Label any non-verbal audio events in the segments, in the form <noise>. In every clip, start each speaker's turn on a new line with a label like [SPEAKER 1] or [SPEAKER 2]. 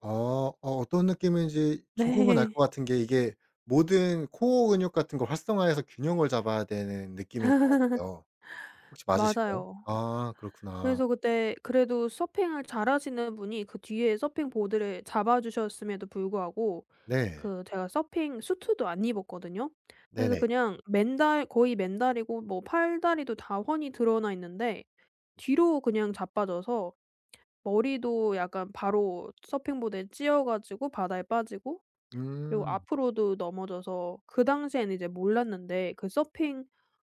[SPEAKER 1] 아. 어 어떤 느낌인지 조금은 알
[SPEAKER 2] 네.
[SPEAKER 1] 것 같은 게 이게 모든 코어 근육 같은 거 활성화해서 균형을 잡아야 되는 느낌일 것
[SPEAKER 2] <laughs>
[SPEAKER 1] 같아요. 혹시 맞으실까요?
[SPEAKER 2] 맞아요.
[SPEAKER 1] 아 그렇구나.
[SPEAKER 2] 그래서 그때 그래도 서핑을 잘하시는 분이 그 뒤에 서핑 보드를 잡아 주셨음에도 불구하고
[SPEAKER 1] 네.
[SPEAKER 2] 그 제가 서핑 슈트도 안 입었거든요. 그래서
[SPEAKER 1] 네네.
[SPEAKER 2] 그냥 맨다 거의 맨다리고 뭐 팔다리도 다 훤히 드러나 있는데 뒤로 그냥 자빠져서 머리도 약간 바로 서핑보드에 찧어 가지고 바다에 빠지고 그리고
[SPEAKER 1] 음.
[SPEAKER 2] 앞으로도 넘어져서 그 당시에는 이제 몰랐는데 그 서핑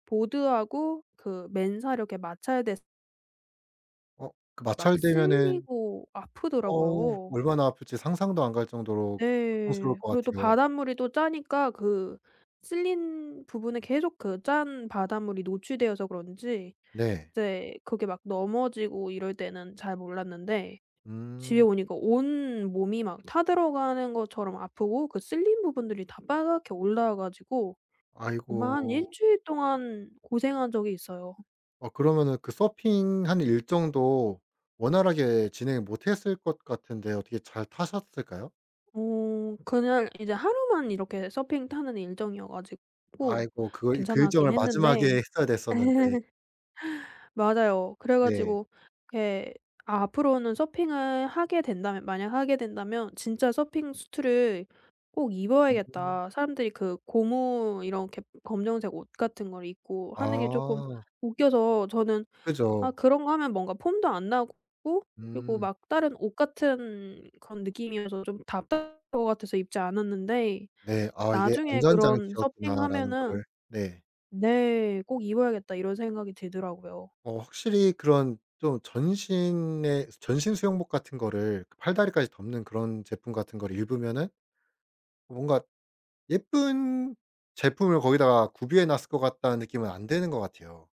[SPEAKER 2] 보드하고 그 맨살 이렇게 마찰됐
[SPEAKER 1] 어. 그
[SPEAKER 2] 막
[SPEAKER 1] 마찰되면은
[SPEAKER 2] 쓸리고
[SPEAKER 1] 어우
[SPEAKER 2] 아프더라고요.
[SPEAKER 1] 얼마나 아플지 상상도 안 갈 정도로 고통스러울
[SPEAKER 2] 네.
[SPEAKER 1] 것
[SPEAKER 2] 그리고 또
[SPEAKER 1] 같아요.
[SPEAKER 2] 바닷물이 또 짜니까 그 쓸린 부분에 계속 그 짠 바닷물이 노출되어서 그런지
[SPEAKER 1] 네.
[SPEAKER 2] 이제 그게 막 넘어지고 이럴 때는 잘 몰랐는데 집에
[SPEAKER 1] 음.
[SPEAKER 2] 오니까 온몸이 막 타 들어가는 것처럼 아프고 그 쓸린 부분들이 다 빨갛게 올라와 가지고 정말 한 1
[SPEAKER 1] 아이고.
[SPEAKER 2] 주일 동안 고생한 적이 있어요.
[SPEAKER 1] 어 그러면은 그 서핑하는 일정도 원활하게 진행을 못 했을 것 같은데 어떻게 잘 타셨을까요?
[SPEAKER 2] 어 그날 이제 하루만 이렇게 서핑 타는 일정이어 가지고
[SPEAKER 1] 아이고. 그 그
[SPEAKER 2] 괜찮았긴
[SPEAKER 1] 일정을
[SPEAKER 2] 했는데
[SPEAKER 1] 마지막에 했어야 됐었는데.
[SPEAKER 2] <laughs> 맞아요. 그래
[SPEAKER 1] 네.
[SPEAKER 2] 가지고 예 '앞으로는 서핑을 하게 된다면 만약 하게 된다면 진짜 서핑 슈트를 꼭
[SPEAKER 1] 음.
[SPEAKER 2] 입어야겠다.' 사람들이 그 고무 이렇게 검정색 옷 같은 걸 입고 하는 게 쪼끔
[SPEAKER 1] 아.
[SPEAKER 2] 웃겨서 저는 아
[SPEAKER 1] 그죠.
[SPEAKER 2] 그런 거 하면 뭔가 폼도 안 나고 그리고
[SPEAKER 1] 음.
[SPEAKER 2] 막 다른 옷 같은 그런 느낌이어서 좀 답답할 것 같아서 입지 않았는데
[SPEAKER 1] 네. 아 이게
[SPEAKER 2] 나중에 그런
[SPEAKER 1] 안전장치였구나라는
[SPEAKER 2] '서핑하면은'
[SPEAKER 1] 거를 네.
[SPEAKER 2] 네 '꼭 입어야겠다.' 이런 생각이 들더라고요.
[SPEAKER 1] 어 확실히 그런 좀 전신에 전신 수영복 같은 거를 팔다리까지 덮는 그런 제품 같은 거를 입으면은 뭔가 예쁜 제품을 거기다가 구비해 놨을 것 같다는 느낌은 안 드는 것 같아요.